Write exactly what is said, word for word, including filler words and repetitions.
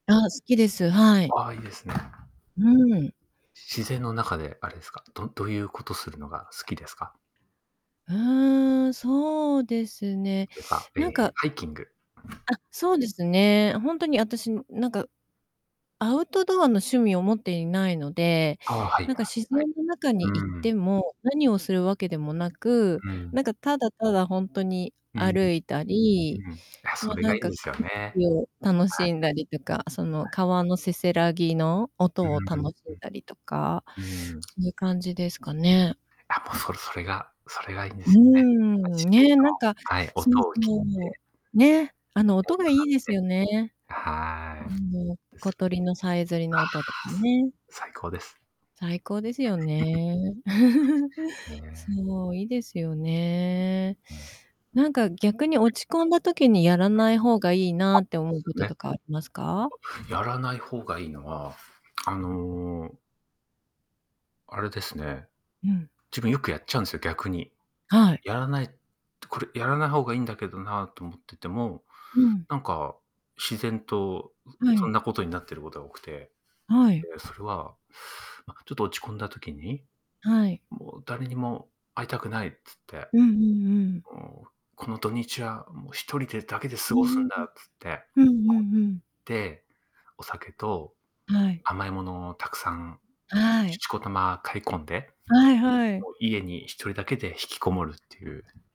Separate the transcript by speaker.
Speaker 1: あ、好きです、はい。
Speaker 2: ああ、いいですね。
Speaker 1: うん。
Speaker 2: 自然の中であれですか、どどういうことするのが好きですか？
Speaker 1: うん、そうですね。
Speaker 2: とか、え
Speaker 1: なん
Speaker 2: え、
Speaker 1: か
Speaker 2: ハイキング。
Speaker 1: あ、そうですね。本当に私なんかアウトドアの趣味を持っていないので、
Speaker 2: ああ、はいは
Speaker 1: な
Speaker 2: い
Speaker 1: んか、自
Speaker 2: はい。
Speaker 1: 然の中に行
Speaker 2: う
Speaker 1: って
Speaker 2: ん。
Speaker 1: も、何をするわけでもなく、
Speaker 2: うん。
Speaker 1: なんか、ただただ本当に
Speaker 2: うん。
Speaker 1: 歩いた
Speaker 2: う
Speaker 1: り、
Speaker 2: ん。あ、
Speaker 1: も
Speaker 2: そ
Speaker 1: う
Speaker 2: れ
Speaker 1: な
Speaker 2: が
Speaker 1: ん
Speaker 2: いいん
Speaker 1: か、
Speaker 2: で
Speaker 1: 景
Speaker 2: すよね。
Speaker 1: 色を楽
Speaker 2: は
Speaker 1: し
Speaker 2: い。
Speaker 1: んだりとか、そ
Speaker 2: は
Speaker 1: の
Speaker 2: い。
Speaker 1: 川のせせらぎの
Speaker 2: う
Speaker 1: 音を楽
Speaker 2: ん、
Speaker 1: しんだりとか、
Speaker 2: うん。うん。
Speaker 1: そういう感じですかね。
Speaker 2: あ、もうそそれがそれがいいんで
Speaker 1: う
Speaker 2: すよね。
Speaker 1: ん、
Speaker 2: 自然
Speaker 1: ね、なんか、
Speaker 2: の、はい、
Speaker 1: そう
Speaker 2: 音を聞い
Speaker 1: そ
Speaker 2: て。
Speaker 1: う、ね、あ
Speaker 2: 一
Speaker 1: の
Speaker 2: 体
Speaker 1: 音が
Speaker 2: と
Speaker 1: い
Speaker 2: なっ
Speaker 1: いです
Speaker 2: て。
Speaker 1: よね。
Speaker 2: はい。
Speaker 1: うん、
Speaker 2: ですよ
Speaker 1: 小鳥
Speaker 2: ね。
Speaker 1: のさえずりの音 [unintelligible] ね。
Speaker 2: 最高です。
Speaker 1: 最高ですよね。
Speaker 2: ね。
Speaker 1: そう、いいですよね。
Speaker 2: うん。
Speaker 1: なんか逆に
Speaker 2: [unintelligible]
Speaker 1: 落ち込んだ時にやら
Speaker 2: はい。あ、
Speaker 1: ない方がいいなって思う
Speaker 2: す
Speaker 1: こと
Speaker 2: ね。
Speaker 1: とかありますか？
Speaker 2: やらない方がいいのは、あのあれですね。
Speaker 1: うん。
Speaker 2: 自分よくやっちゃうんすよ、逆に。
Speaker 1: はい。
Speaker 2: やらないこれやらない方がいいんだけどなと思ってても、
Speaker 1: うん。
Speaker 2: なんか、自然と
Speaker 1: は
Speaker 2: そ
Speaker 1: い。
Speaker 2: んなことになっていることが多くて、
Speaker 1: はい。
Speaker 2: でそれはま、ちょっと落ち込んだ時に、
Speaker 1: はい。
Speaker 2: もう誰にも会いたくないっつって。
Speaker 1: うんうんうん。
Speaker 2: もうこの土日はもうひとりでだけで
Speaker 1: う
Speaker 2: 過
Speaker 1: ー
Speaker 2: ごすんだ
Speaker 1: ん。
Speaker 2: つって、
Speaker 1: うんう
Speaker 2: コン
Speaker 1: んうん。
Speaker 2: ビニ行って、お酒と
Speaker 1: はい。
Speaker 2: 甘いものをたくさん、
Speaker 1: はい。
Speaker 2: しこたま買い込んで、
Speaker 1: はいはい。
Speaker 2: もう家にひとりだけで引きこもるっていう。